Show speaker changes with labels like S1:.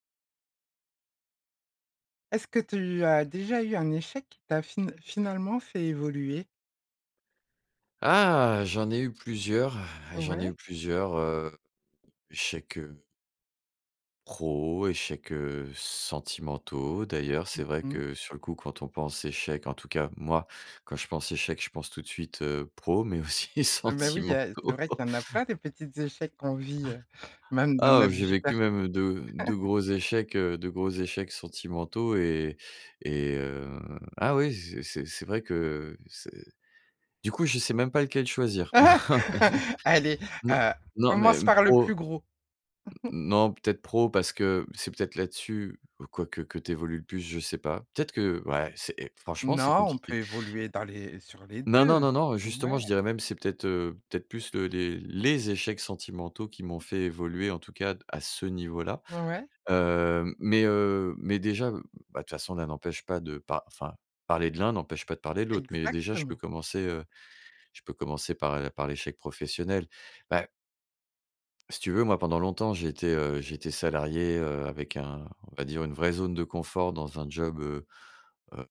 S1: Est-ce que tu as déjà eu un échec qui t'a fi finalement fait évoluer?
S2: Ah! J'en ai eu plusieurs, j'en ai eu
S1: Ouais.
S2: plusieurs, heu, échecs, heu pros, échecs, heu, sentimentaux. D'ailleurs,
S1: Mmh
S2: c'est vrai
S1: mh.
S2: que sur le coup, quand on pense échec, en tout cas moi, quand je pense échec, je pense tout de suite, heu, pro, mais aussi
S1: Ah bah oui, il y a c'est
S2: sentimentaux.
S1: vrai qu'il y en a plein des petits échecs qu'on vit, heu, même dans
S2: Ah, heu,
S1: notre
S2: j'ai
S1: vie
S2: vécu
S1: perso.
S2: même de de gros échecs, heu, de gros échecs sentimentaux et et heu, ah oui, c'est c'est c'est vrai que c'est du coup, je sais même pas lequel choisir.
S1: Allez,
S2: Non,
S1: heu,
S2: non mais
S1: commence
S2: même
S1: par le
S2: pro heu
S1: plus gros.
S2: non, peut-être, pro parce que c'est peut-être là-dessus ou quoique, que tu évolues le plus. Je sais pas. Peut-être que ouais c'est franchement, c'est
S1: Non, on
S2: compliqué.
S1: peut évoluer dans les sur les
S2: Non, non,
S1: 2.
S2: non, non, justement,
S1: Ouais.
S2: je dirais même c'est peut-être, heu, peut-être plus les les les échecs sentimentaux qui m'ont fait évoluer, en tout cas à ce niveau là.
S1: Ouais.
S2: Heu, mais, heu, mais déjà, bah, de toute façon, l'un n'empêche pas de pa enfin parler de l'un n'empêche pas de parler de l'autre. Mais déjà, je peux
S1: Exactement.
S2: commencer, heu, je peux commencer par, heu, par l'échec professionnel. Bah si tu veux, moi, pendant longtemps, j'ai été, heu, j'ai été salarié, heu, avec un, on va dire, une vraie zone de confort dans un job, heu heu